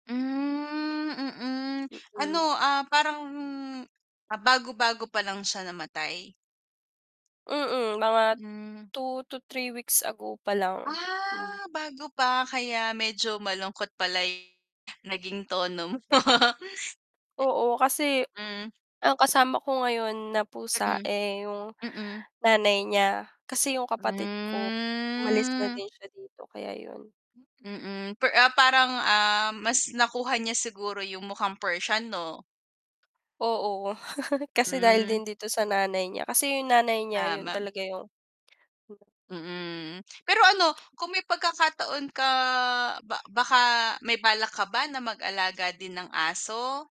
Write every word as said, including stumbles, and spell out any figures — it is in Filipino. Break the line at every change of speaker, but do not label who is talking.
Hmm, mm. Ano,
Mm.
ah, parang ah, bago-bago pa lang siya namatay?
Mm, mga
Hmm.
two to three weeks ago pa lang, hmm.
Ah bago pa kaya medyo malungkot pala yung naging tono mo.
Oo, kasi
Hmm.
ang kasama ko ngayon na pusa,
Mm.
eh, yung
Mm.
nanay niya. Kasi yung kapatid ko umalis na
Hmm.
din siya dito kaya yun.
Mm, per ah, parang, ah, mas nakuha niya siguro yung mukhang Persian 'no?
Oo, kasi dahil
Hmm.
din dito sa nanay niya. Kasi yung nanay niya yun
Tama.
talaga yung
Mm, pero ano, kung may pagkakataon ka ba baka may balak ka ba na mag-alaga din ng aso?